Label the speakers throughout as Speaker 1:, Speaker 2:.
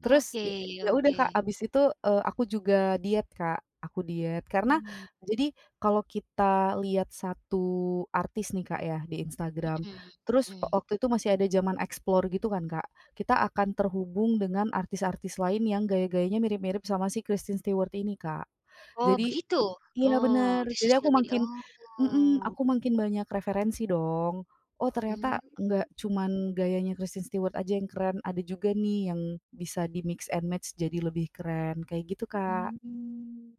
Speaker 1: Terus, ya
Speaker 2: Oke
Speaker 1: ya, udah Kak,
Speaker 2: oke.
Speaker 1: habis itu, eee, aku juga diet Kak. Aku diet, karena
Speaker 2: Mmm.
Speaker 1: jadi, kalau kita lihat 1 artis nih, Kak, ya, di Instagram.
Speaker 2: Mhm
Speaker 1: Terus wa
Speaker 2: mhm.
Speaker 1: waktu itu masih ada zaman Explore gitu kan, Kak, kita akan terhubung dengan artis-artis lain yang gaya-gayanya mirip-mirip sama si Kristen Stewart ini, Kak.
Speaker 2: Oh,
Speaker 1: Jadi
Speaker 2: begitu?
Speaker 1: iya,
Speaker 2: Oh,
Speaker 1: bener.
Speaker 2: di
Speaker 1: Jadi
Speaker 2: sosial
Speaker 1: aku
Speaker 2: medi
Speaker 1: makin mhm,
Speaker 2: oh.
Speaker 1: aku makin banyak referensi, dong. "Oh,
Speaker 2: Mmm.
Speaker 1: ternyata nggak cuman gayanya Kristen Stewart aja yang keren, ada juga nih yang bisa di-mix and match jadi lebih keren." Kayak gitu, Kak.
Speaker 2: Mmm.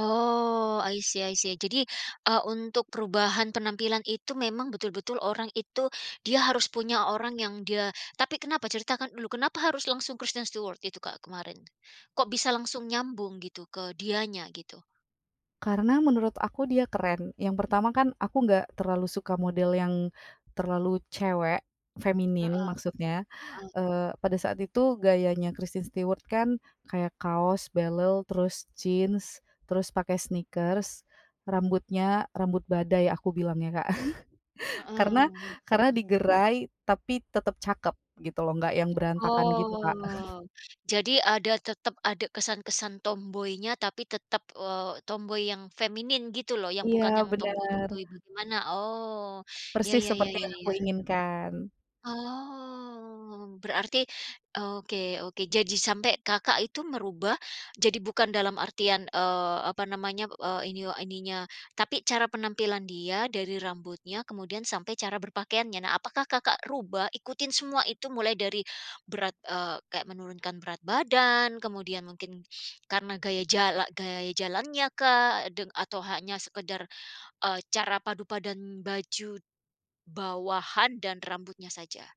Speaker 2: Oh, i see i see. Jadi, eee, untuk perubahan penampilan itu memang betul-betul orang itu, dia harus punya orang yang dia tapi kenapa? Ceritakan dulu, kenapa harus langsung Kristen Stewart itu, Kak, kemarin? Kok bisa langsung nyambung gitu, ke dianya, gitu?
Speaker 1: Karena menurut aku dia keren. Yang pertama kan aku enggak terlalu suka model yang, terlalu cewek
Speaker 2: Heeh
Speaker 1: feminin maksudnya.
Speaker 2: heeh.
Speaker 1: Eee, pada saat itu gayanya Kristen Stewart kan kayak kaos, belel, terus Jeans, terus pakai sneakers, rambutnya rambut badai aku bilangnya, Kak. Karena,
Speaker 2: Heeh.
Speaker 1: karena digerai tapi tetep cakep, gitu loh. Enggak yang berantakan gitu, Kak.
Speaker 2: Oh. Jadi ada, tetep ada kesan-kesan tomboynya, tapi tetep, eee, tomboy yang feminin, gitu loh, yang
Speaker 1: Iya,
Speaker 2: bukan yang
Speaker 1: bener.
Speaker 2: tomboy-tomboy bagaimana? Oh, ya
Speaker 1: Persis
Speaker 2: ya ya
Speaker 1: seperti yang aku
Speaker 2: ya.
Speaker 1: inginkan.
Speaker 2: Oh. Berarti oke oke. Jadi, sampai Kakak itu mengubah jadi bukan dalam artian eee, apa namanya, eh, ini oh, ininya, tapi cara penampilan dia, dari rambutnya, kemudian sampai cara berpakaiannya. Nah, apakah Kakak rubah ikutin semua itu? Mulai dari berat eee, kayak menurunkan berat badan, kemudian mungkin karena gaya jala gaya jalannya kah? Deng atau hanya sekedar, eee, cara padu padan baju bawahan dan rambutnya saja?